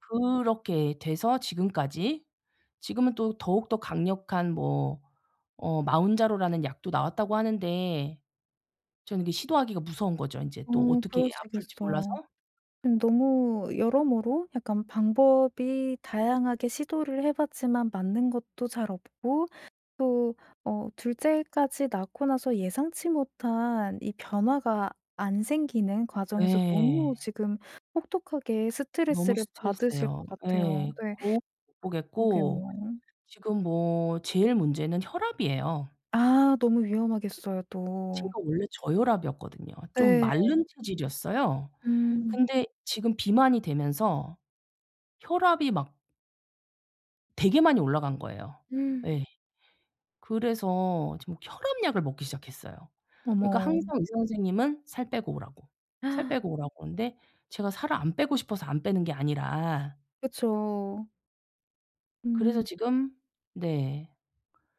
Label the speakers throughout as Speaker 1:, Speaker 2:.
Speaker 1: 그렇게 돼서 지금까지 지금은 또 더욱더 강력한 뭐 어 마운자로라는 약도 나왔다고 하는데 저는 이게 시도하기가 무서운 거죠, 인제
Speaker 2: 어,
Speaker 1: 또 어떻게 아플지 몰라서.
Speaker 2: 그러시겠어요. 음. 너무 여러모로 약간 방법이 다양하게 시도를 해 봤지만 맞는 것도 잘 없고 또 어 둘째까지 낳고 나서 예상치 못한 이 변화가 안 생기는 과정에서 너무
Speaker 1: 예.
Speaker 2: 지금 혹독하게
Speaker 1: 너무
Speaker 2: 스트레스를 받으실
Speaker 1: 스트레스예요.
Speaker 2: 것 같아요.
Speaker 1: 예.
Speaker 2: 네.
Speaker 1: 거울을 못 보겠고
Speaker 2: 그러게요.
Speaker 1: 지금 뭐 제일 문제는 혈압이에요.
Speaker 2: 아. 너무 위험하겠어요, 또.
Speaker 1: 제가 원래 저혈압이었거든요. 좀 마른
Speaker 2: 네.
Speaker 1: 체질이었어요.
Speaker 2: 음.
Speaker 1: 근데 지금 비만이 되면서 혈압이 막 되게 많이 올라간 거예요. 네. 그래서 지금 혈압 약을 먹기 시작했어요. 그러니까
Speaker 2: 어머.
Speaker 1: 항상 의사 선생님은 살 빼고 오라고. 살 빼고 오라고 그러는데 제가 살을 안 빼고 싶어서 안 빼는 게 아니라
Speaker 2: 그쵸.
Speaker 1: 그래서
Speaker 2: 음.
Speaker 1: 지금 네.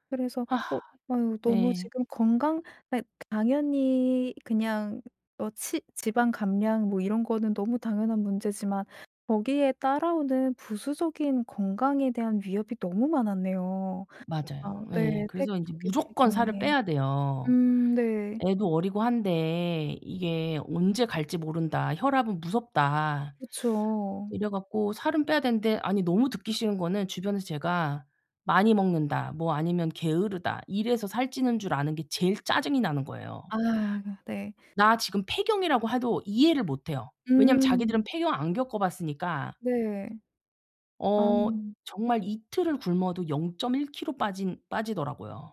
Speaker 2: 그래서
Speaker 1: 아.
Speaker 2: 어 어우 막 너무
Speaker 1: 네.
Speaker 2: 지금 건강 예 당연히 그냥 어 치 지방 감량 뭐 이런 거는 너무 당연한 문제지만 거기에 따라오는 부수적인 건강에 대한 위협이 너무 많았네요.
Speaker 1: 맞아요.
Speaker 2: 아,
Speaker 1: 예.
Speaker 2: 네. 폐경
Speaker 1: 그래서 인제
Speaker 2: 조기
Speaker 1: 무조건 살을
Speaker 2: 폐경이.
Speaker 1: 빼야 돼요.
Speaker 2: 음. 네.
Speaker 1: 애도 어리고 한데 이게 '언제 갈지 모른다. 혈압은 무섭다.'
Speaker 2: 그쵸.
Speaker 1: 이래 갖고 살은 빼야 되는데 아니 너무 듣기 싫은 거는 주변에서 제가 '많이 먹는다.' 뭐 아니면 '게으르다.' 이래서 살찌는 줄 아는 게 제일 짜증이 나는 거예요.
Speaker 2: 아 네.
Speaker 1: 나 지금 폐경이라고 해도 이해를 못 해요. 왜냐하면 자기들은
Speaker 2: 음.
Speaker 1: 폐경 안 겪어 봤으니까.
Speaker 2: 네. 아.
Speaker 1: 어. 정말 이틀을 굶어도 0.1 킬로 빠진 빠지더라고요.